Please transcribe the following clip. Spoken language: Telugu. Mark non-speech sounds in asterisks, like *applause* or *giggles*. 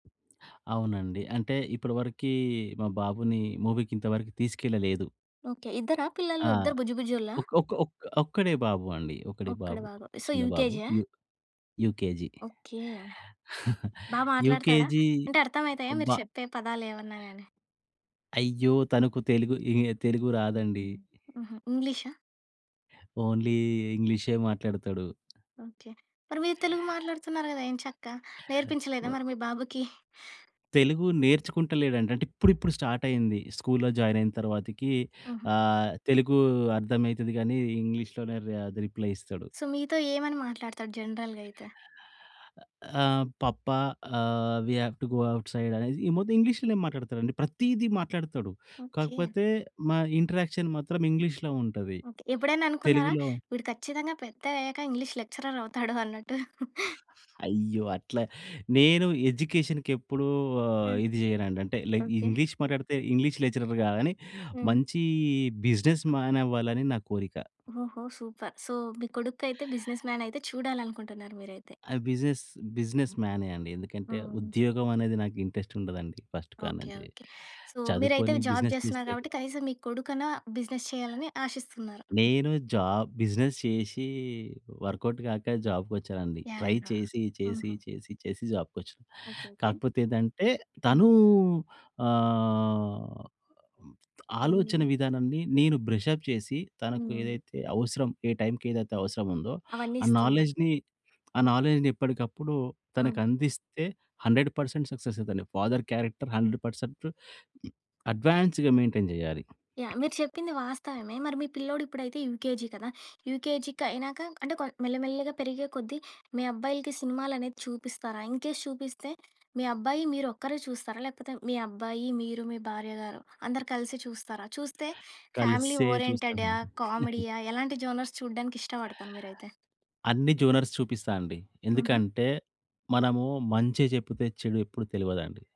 అవునండి. అంటే ఇప్పటివరకి మా బాబుని మూవీ‌కి ఇంతవరకు తీసుకెళ్లలేదు. ఓకే. ఇద్దరా పిల్లలు? ఆ! ఇద్దరు బుజ్జి బుజ్జోల్లా? ఒక్క ఒక్క ఒక్క ఒక్కడే బాబు అండి. ఒక్కడే ఒక్కడే బాబు. బాబు. సో, చిన్న బాబు. యూకేజీ ఆ? U UKG. ఓకే. *giggles* బాగా మాట్లాడుతాడ? యూకేజీ అంటే అర్థమైతాయా మీరు అబ్బా. చెప్పే పదాలు ఏమన్నా గాని? అయ్యో! తనకు తెలుగు, తెలుగు రాదండి. హుహు. హుహు. ఇంగ్లీషా. ఓన్లీ ఇంగ్లీషే మాట్లాడతాడు. ఓకే. మరి మీరు తెలుగు మాట్లాడుతున్నారు కదా ఎంచక్కా! నేర్పించలేదా మరి మీ బాబుకి? తెలుగు నేర్చుకుంటలేడంట. అంటే ఇప్పుడిప్పుడు స్టార్ట్ అయింది స్కూల్లో జాయిన్ అయిన తర్వాతకి హుహు. ఆహ్, తెలుగు అర్థమైతది గాని, ఇంగ్లీష్‌లోనే రా రిప్లై ఇస్తాడు. సో, మీతో ఏమని మాట్లాడుతాడు జనరల్‌గైతే? ఆ! పప్పా! ఆహ్, we have to go outside అనేది ఈ మొత్తం ఇంగ్లీష్‌లోనే మాట్లాడుతాడండి. ప్రతిది మాట్లాడుతాడు. ఓకే. కాకపోతే మా ఇంటరాక్షన్ మాత్రం ఇంగ్లీష్‌లో ఉంటది. ఓకే. ఎప్పుడైనా అనుకున్నారా తెలుగులో వీడు ఖచ్చితంగా పెద్ద అయ్యాక ఇంగ్లీష్ లెక్చరర్ అవుతాడు అన్నట్టు? *giggles* *giggles* అయ్యో! అట్లా, నేను ఎడ్యుకేషన్‌కి ఎప్పుడు ఆహ్, హ్మ్. ఇది చేయనండి. అంటే లైక్ ఓకే. ఇంగ్లీష్ మాట్లాడితే ఇంగ్లీష్ లెక్చరర్ కాదని, హ్మ్. మంచి బిజినెస్ మ్యాన్ అవ్వాలని నా కోరిక. ఓహో! సూపర్. సో, మీ కొడుకు అయితే బిజినెస్ మ్యాన్ అయితే చూడాలనుకుంటున్నారు మీరైతే? ఆ! బిజినెస్, బిజినెస్ మ్యానే అండి. ఎందుకంటే అవును. ఉద్యోగం అనేది నాకు ఇంట్రెస్ట్ ఉండదండి ఫస్ట్ ఓకే. కాడ‌నుంచి. ఓకే. సో, మీరైతే చదువుకొని జాబ్ బిజినెస్ చేస్తున్నారు చేస్తే కాబట్టి, కనీసం మీ కొడుకన్నా బిజినెస్ చేయాలని ఆశిస్తున్నారు? నేను జాబ్ బిజినెస్ చేసి, వర్కౌట్ కాక జాబ్‌కొచ్చానండి. యాహ్. Try yeah. చేసి చేసి ఆహా! చేసి చేసి జాబ్‌కొచ్చాను. ఓకే. ఓకే. కాకపోతే ఏందంటే, అవును. తనూ ఆహ్, ఎన్ని? ఆలోచన విధానాన్ని నేను బ్రష‌ప్ చేసి, తనకు ఆ! ఏదైతే అవసరం, ఏ టైమ్‌కి ఏదైతే అవసరముందో, అవన్నీ ఆ ఇస్తున్నారు. నాలెడ్జ్‌ని, ఆ నాలెడ్జ్‌ని ఎప్పటికప్పుడు హ్మ్. తనకందిస్తే, 100% సక్సెస్ అయితాడండి. ఫాదర్ క్యారెక్టర్ 100% అడ్వాన్స్‌గా మెయింటైన్ జేయాలి. యాహ్. మీరు చెప్పింది వాస్తవమే. మరి మీ పిల్లోడు ఇప్పుడైతే యూకేజీ కదా? యూకేజీకి అయినాక అంటే కొ మెల్లమెల్లగా పెరిగే కొద్దీ మీ అబ్బాయిలకి సినిమాలనేవి చూపిస్తారా? ఇన్‌కేస్ చూపిస్తే, మీ అబ్బాయి మీరు ఒక్కరే చూస్తారా? లేకపోతే మీ అబ్బాయి, మీరు, మీ భార్యగారు, అందరూ కలిసి చూస్తారా? చూస్తే, ఫ్యామిలీ కలిసే ఓరియెంటెడా? చూస్తామండి. *giggles* కామెడీయా? ఎలాంటి జోనర్స్ చూడడానికి ఇష్టపడతారు మీరైతే? అన్ని జోనర్స్ చూపిస్తా అండి. హుహు. ఎందుకంటే మనము మంచే చెపుతే, చెడు ఎప్పుడు తెలవదండి.